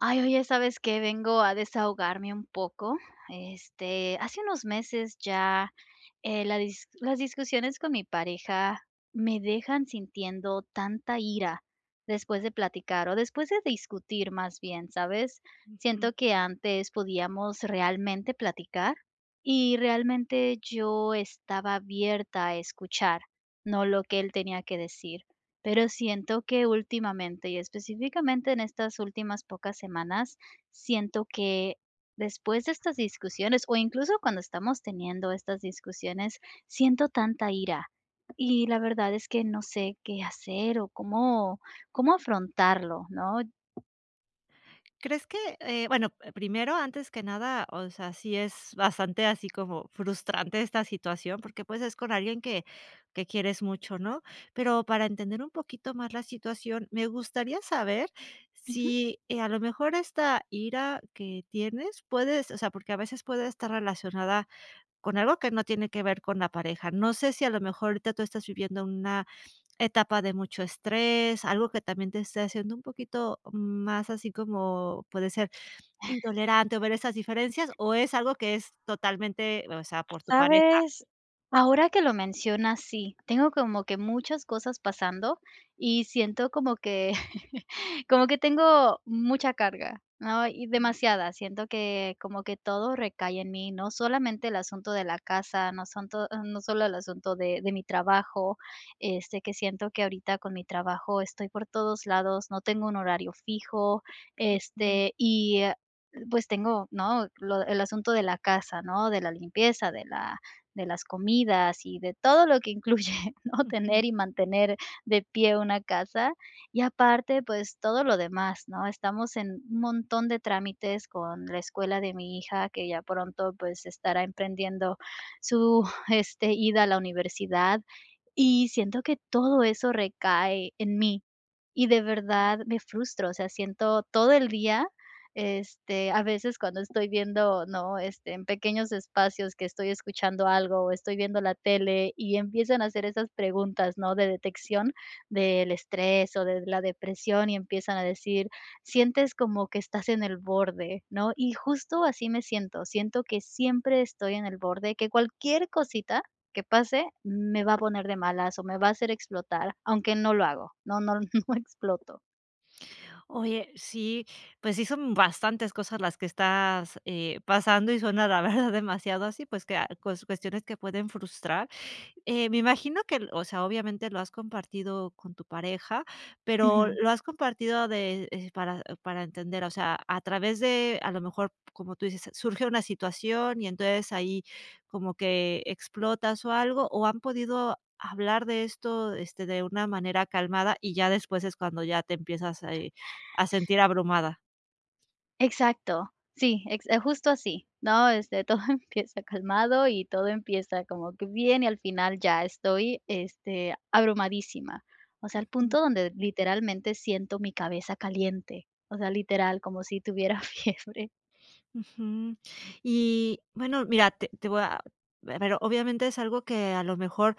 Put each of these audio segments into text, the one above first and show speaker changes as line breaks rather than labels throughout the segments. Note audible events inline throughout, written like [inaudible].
Ay, oye, ¿sabes qué?, vengo a desahogarme un poco. Este, hace unos meses ya, eh, la dis las discusiones con mi pareja me dejan sintiendo tanta ira después de platicar o después de discutir más bien, ¿sabes?,
Ujú.
siento que antes podíamos realmente platicar, y realmente yo estaba abierta a escuchar, ¿no?, lo que él tenía que decir, pero siento que últimamente, y específicamente en estas últimas pocas semanas, siento que después de estas discusiones, o incluso cuando estamos teniendo estas discusiones, siento tanta ira, y la verdad es que no sé, qué hacer, o cómo cómo afrontarlo, ¿no?
¿Crees que?, eh, bueno, p primero, antes que nada, o sea, sí es bastante así como frustrante esta situación, porque pues, es con alguien que que quieres mucho, ¿no?, pero, para entender un poquito más la situación, me gustaría saber
Ujú.
si, eh, a lo mejor esta ira que tienes puedes o sea, porque a veces puede estar relacionada con algo que no tiene que ver con la pareja. No sé, si a lo mejor ahorita tú estás viviendo una etapa de mucho estrés, algo que también te esté haciendo un poquito más así como, puede ser, intolerante o ver esas diferencias, ¿o es algo que es totalmente, o sea, por tu pareja?
Sabes, ahora que lo mencionas, sí, tengo como que muchas cosas pasando y siento como que [chuckles] como que tengo mucha carga, ¿no?, y demasiada, siento que como que todo recae en mí, ¿no?, solamente el asunto de la casa, no son to no solo el asunto de de mi trabajo, este, que siento que ahorita con mi trabajo estoy por todos lados, no tengo un horario fijo,
Ujú.
este, y a pues, tengo, ¿no?, lo el asunto de la casa, ¿no?, de la limpieza, de la de las comidas y de todo lo que incluye, ¿no?,
Ujú.
tener y mantener de pie una casa, y aparte, pues, todo lo demás, ¿no?, estamos en un montón de trámites con la escuela de mi hija que ya pronto, pues, estará emprendiendo su, este, ida a la universidad y siento que todo eso recae en mí y de verdad me frustro, o sea, siento todo el día, este, a veces cuando estoy viendo, ¿no?, este, en pequeños espacios que estoy escuchando algo o estoy viendo la tele y empiezan a hacer esas preguntas, ¿no?, de detección del estrés o de la depresión, y empiezan a decir: "Sientes como que estás en el borde", ¿no?, y justo así me siento, siento que siempre estoy en el borde, que cualquier cosita que pase me va a poner de malas o me va a hacer explotar, aunque no lo hago, no no no exploto.
Oye, sí, pues sí, son bastantes cosas las que estás, eh, pasando y suena la verdad demasiado así, pues que a cues cuestiones que pueden frustrar, eh, me imagino que el o sea, obviamente lo has compartido con tu pareja, pero
Ujú.
lo has compartido de, eh, para para entender, o sea, a través de a lo mejor, como tú dices, surge una situación y entonces, ahí como que explotas o algo, o han podido hablar de esto, este, de una manera calmada y ya después es cuando ya te empiezas, a, eh, a sentir abrumada.
Exacto, sí, ex justo así, ¿no?, este, todo empieza calmado y todo empieza como que bien y al final ya estoy, este, abrumadísima. O sea, al
Ujú.
punto donde literalmente siento mi cabeza caliente, o sea, literal, como si tuviera fiebre.
Ujú. Y bueno, mira, te te voy a pero, obviamente es algo que a lo mejor,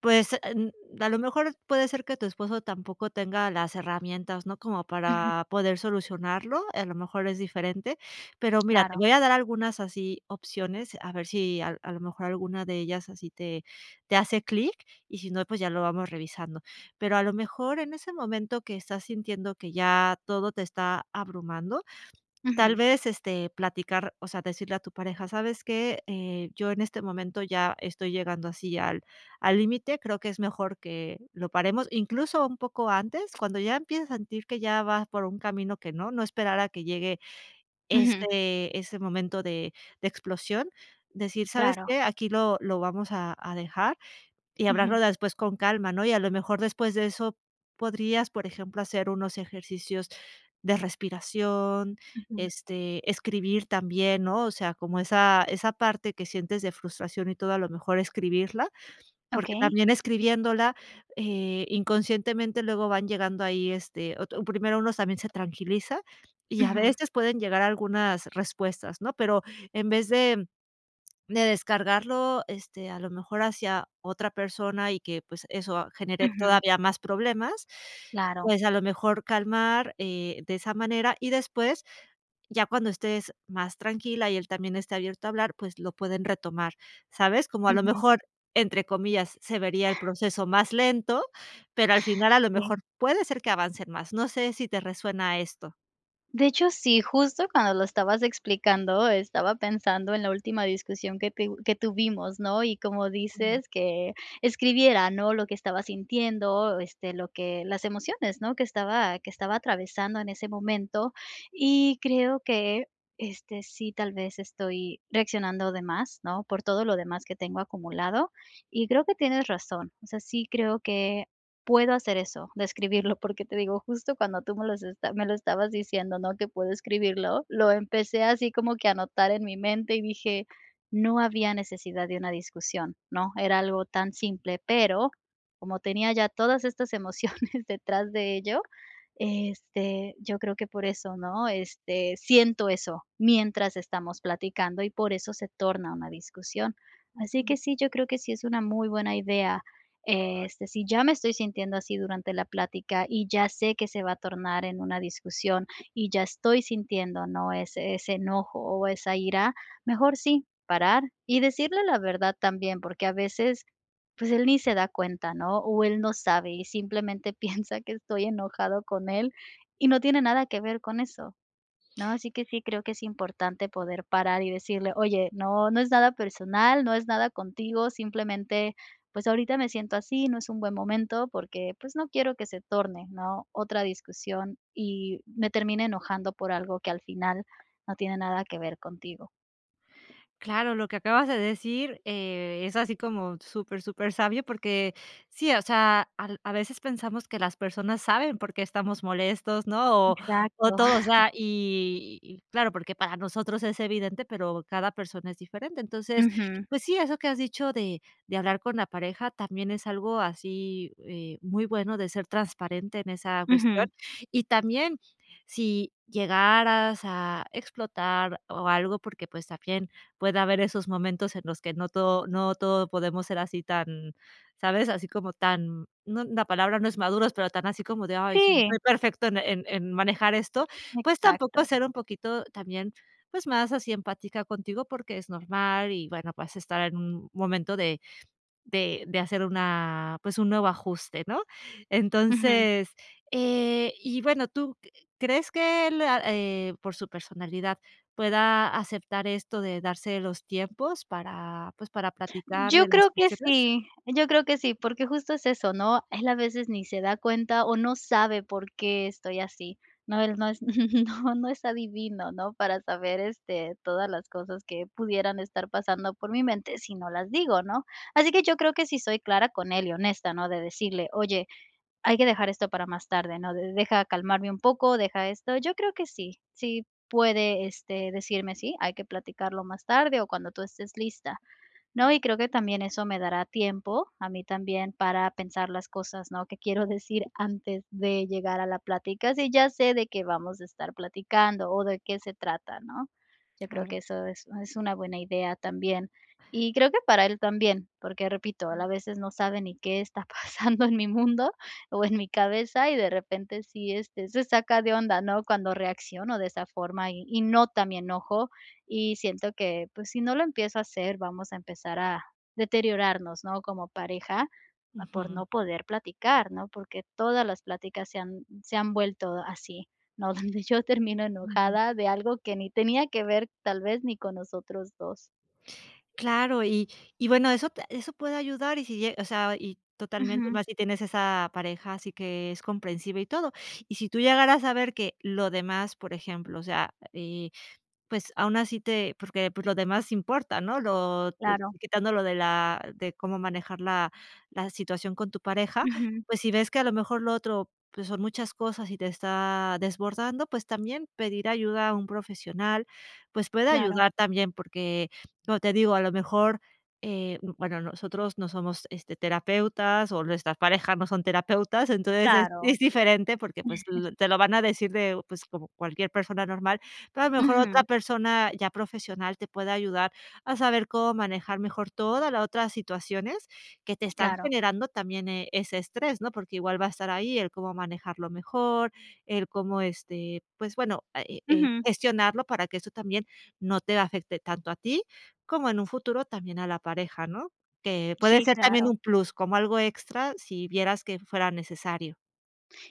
pues, em, [unintelligible] a lo mejor puede ser que tu esposo tampoco tenga las herramientas, no como
Ujú.
para poder solucionarlo. A lo mejor es diferente, pero mira, te
Claro.
voy a dar algunas así opciones, a ver si a a lo mejor alguna de ellas así te te hace clic, y si no, pues, ya lo vamos revisando. Pero a lo mejor, en ese momento que estás sintiendo que ya todo te está abrumando, tal
Ujú.
vez, este, platicar, o sea, decirle a tu pareja: "¿Sabes qué?, eh, yo en este momento ya estoy llegando así al al límite, creo que es mejor que lo paremos", incluso, un poco antes, cuando ya empieza a sentir que ya vas por un camino que no, no esperar a que llegue,
Ujú.
este, ese momento de de explosión, decir: "¿Sabes
Claro.
qué?, aquí lo lo vamos a a dejar, y
Ujú.
hablarlo después con calma", ¿no? Y a lo mejor después de eso podrías, por ejemplo, hacer unos ejercicios de respiración,
Ujú.
este, escribir también, ¿no? O sea, como esa esa parte que sientes de frustración y todo, a lo mejor escribirla, porque
Okey.
también escribiéndola, eh, inconscientemente, luego van llegando ahí, este, otr un primero uno también se tranquiliza, y a
Ujú.
veces pueden llegar algunas respuestas, ¿no? Pero, en vez de, de descargarlo, este, a lo mejor hacia otra persona, y que, pues eso genere
Ujú.
todavía más problemas,
Claro.
pues a lo mejor calmar, eh, de esa manera. Y después, ya cuando estés más tranquila, y él también esté abierto a hablar, pues, lo pueden retomar, ¿sabes? Como a lo
Ujú.
mejor, entre comillas, se vería el proceso más lento, pero al final, a lo
Sí.
mejor, puede ser que avancen más. No sé, si te resuena esto.
De hecho, sí, justo cuando lo estabas explicando, estaba pensando en la última discusión que teuv que tuvimos, ¿no? Y como
Ujú.
dices que, escribiera, ¿no? Lo que estaba sintiendo, este, lo que las emociones, ¿no? Que estaba que estaba atravesando en ese momento. Y creo que, este, sí tal vez estoy reaccionando de más, ¿no? Por todo lo demás que tengo acumulado. Y creo que tienes razón, o sea, sí creo que puedo hacer eso, de escribirlo, porque te digo, justo, cuando tú me los esta me lo estabas diciendo, ¿no? Que puedo escribirlo, lo empecé así como que a anotar en mi mente, y dije: "No había necesidad de una discusión", ¿no? Era algo tan simple, pero como tenía ya todas estas emociones detrás de ello, este, yo creo que por eso, ¿no? Este, siento eso, mientras estamos platicando y por eso se torna una discusión. Así
Ujú.
que sí, yo creo que sí es una muy buena idea, este, si ya me estoy sintiendo así durante la plática, y ya sé que se va a tornar en una discusión y ya estoy sintiendo, ¿no?, ese ese enojo o esa ira, mejor sí, parar. Y decirle la verdad también, porque a veces, pues, él ni se da cuenta, ¿no? O él no sabe, y simplemente piensa que estoy enojada con él, y no tiene nada que ver con eso, ¿no? Así que sí creo que es importante poder parar, y decirle: "Oye, no, no es nada personal, no es nada contigo, simplemente, pues, ahorita me siento así, no es un buen momento, porque, pues, no quiero que se torne, ¿no? Otra discusión, y me termine enojando por algo que al final no tiene nada que ver contigo".
Claro, lo que acabas de decir eh, es así como súper súper sabio, porque sí, o sea, al a veces pensamos que las personas saben por qué estamos molestos, ¿no? O o
Exacto.
todo, o
[chuckles]
sea, y claro, porque para nosotros es evidente, pero cada persona es diferente. Entonces,
Ujú.
pues sí, eso que has dicho de de hablar con la pareja también es algo así, eh, muy bueno de ser transparente en esa cuestión.
Ujú.
Y también si llegaras a explotar, o algo, porque, pues, también puede haber esos momentos en los que no todo no todo podemos ser así tan, ¿sabes? así como tan no, la palabra no es maduros, pero tan así como de: "Ay, sí,
Sí.
estoy perfecto en en manejar esto". Pues, tampoco
Exacto.
ser un poquito también, pues, más así empática contigo, porque es normal. Y bueno, pues estar en un momento de de de hacer una pues, un nuevo ajuste, ¿no?
Ujú.
Entonces, eh, y bueno, ¿tú q crees que él a eh, por su personalidad pueda aceptar esto de darse los tiempos para, pues, para platicar
Yo
de las?
creo que
[unintelligible]
sí, yo creo que sí, porque justo es eso, ¿no? Él a veces ni se da cuenta o no sabe por qué estoy así, ¿no? Él no es, [chuckles] no, no es adivino, ¿no? Para saber, este, todas las cosas que pudieran estar pasando por mi mente si no las digo, ¿no? Así que yo creo que sí soy clara con él y honesta, ¿no? De decirle: "Oye, hay que dejar esto para más tarde, ¿no? De deja calmarme un poco, deja esto". Yo creo que sí, si puede, este, decirme: "Sí, hay que platicarlo más tarde o cuando tú estés lista", ¿no?
Ujú.
Y creo que también eso me dará tiempo, a mí también, para pensar las cosas, ¿no? Que quiero decir antes de llegar a la plática, si ya sé de qué vamos a estar platicando o de qué se trata, ¿no? Yo creo que
Claro.
eso es es una buena idea también, y creo que para él también, porque repito, él
Mm.
a veces no sabe ni qué está pasando en mi mundo, o en mi cabeza, y de repente sí, este, se saca de onda, ¿no? Cuando reacciono de esa forma y y nota mi enojo, y siento que, pues, si no lo empiezo a hacer, vamos a empezar a deteriorarnos, ¿no? Como pareja, por
Ujú.
no poder platicar, ¿no? Porque todas las pláticas se han se han vuelto así, ¿no? Donde yo termino
Ujú.
enojada de algo que ni tenía que ver, tal vez, ni con nosotros 2.
Claro, y y bueno, eso te eso puede ayudar, y si lle o sea, y totalmente
Ujú.
más si tienes esa pareja, así que es comprensiva y todo. Y si tú llegaras a ver que, lo demás por ejemplo, o sea, eh, pues aún así te porque, pues, lo demás importa, ¿no? Lo eh,
Claro.
quitando lo de la de cómo manejar la, la situación con tu pareja.
Ujú.
Pues, si ves que a lo mejor lo otro, pues, son muchas cosas, y te está desbordando, pues, también pedir ayuda a un profesional, pues puede
Claro.
ayudar también, porque, como te digo, a lo mejor, eh, bueno, nosotros no somos, este, terapeutas, o nuestras parejas no son terapeutas. Entonces es
Claro.
es diferente, porque, pues,
[chuckles]
l te lo van a decir de, pues, como cualquier persona normal, pero a lo mejor otra
Ujú.
persona ya profesional te puede ayudar a saber cómo manejar mejor toda la otra situaciones que te están
Claro.
generando también, eh, ese estrés, ¿no? Porque igual va a estar ahí el cómo manejarlo mejor, el cómo este pues, bueno, eh eh eh,
Ujú.
gestionarlo para que eso también no te afecte tanto a ti, como en un futuro, también a la pareja, ¿no? Que puede
Sí,
ser también
claro.
un plus, como algo extra si vieras que fuera necesario.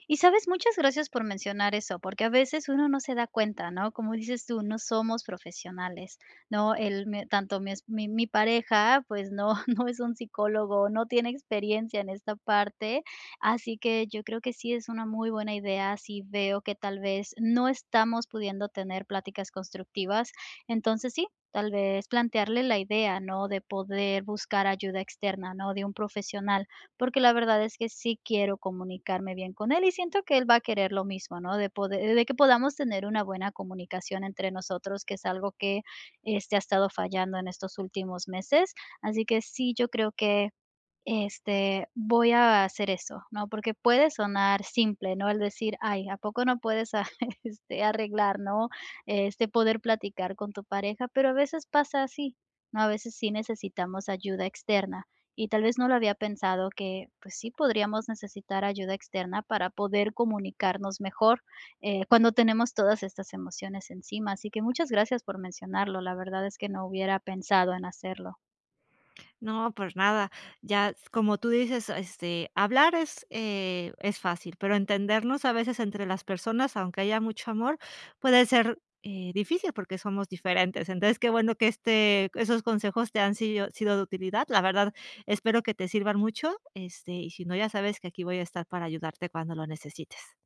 ¿Y sabes? Muchas gracias por mencionar eso, porque a veces uno no se da cuenta, ¿no? Como dices tú: "No somos profesionales", ¿no? El me tanto mi es mi mi pareja, pues, no no es un psicólogo, no tiene experiencia en esta parte, así que yo creo que sí es una muy buena idea, si veo que tal vez no estamos pudiendo tener pláticas constructivas. Entonces, sí, tal vez, plantearle la idea, ¿no?, de poder buscar ayuda externa, ¿no?, de un profesional, porque la verdad es que sí quiero comunicarme bien con él y siento que él va a querer lo mismo, ¿no?, de poder, eh, de que podamos tener una buena comunicación entre nosotros, que es algo que, este, ha estado fallando en estos últimos meses. Así que, sí, yo creo que, este, voy a hacer eso, ¿no?, porque puede sonar simple, ¿no?, el decir: "Ay, a poco no puedes arre este, arreglar, ¿no?, este, poder platicar con tu pareja. Pero a veces pasa así, ¿no? A veces, sí necesitamos ayuda externa, y tal vez no lo había pensado que, pues, sí podríamos necesitar ayuda externa para poder comunicarnos mejor, eh, cuando tenemos todas estas emociones encima. Así que muchas gracias por mencionarlo, la verdad es que no hubiera pensado en hacerlo.
No, pues, nada. Ya s como tú dices, este, hablar es, eh, es fácil, pero entendernos a veces entre las personas, aunque haya mucho amor, puede ser, eh, difícil, porque somos diferentes. Entonces, qué bueno que este esos consejos te han sido sido de utilidad. La verdad, espero que te sirvan mucho, este, y si no, ya sabes que aquí voy a estar para ayudarte cuando lo necesites.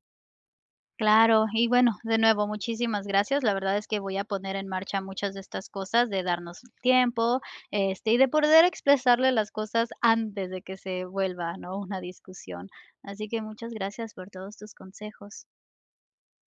Claro, y bueno, de nuevo, muchísimas gracias. La verdad es que voy a poner en marcha muchas de estas cosas, de darnos tiempo, este, y de poder expresarle las cosas antes de que se vuelva, ¿no?, una discusión. Así que, muchas gracias por todos tus consejos.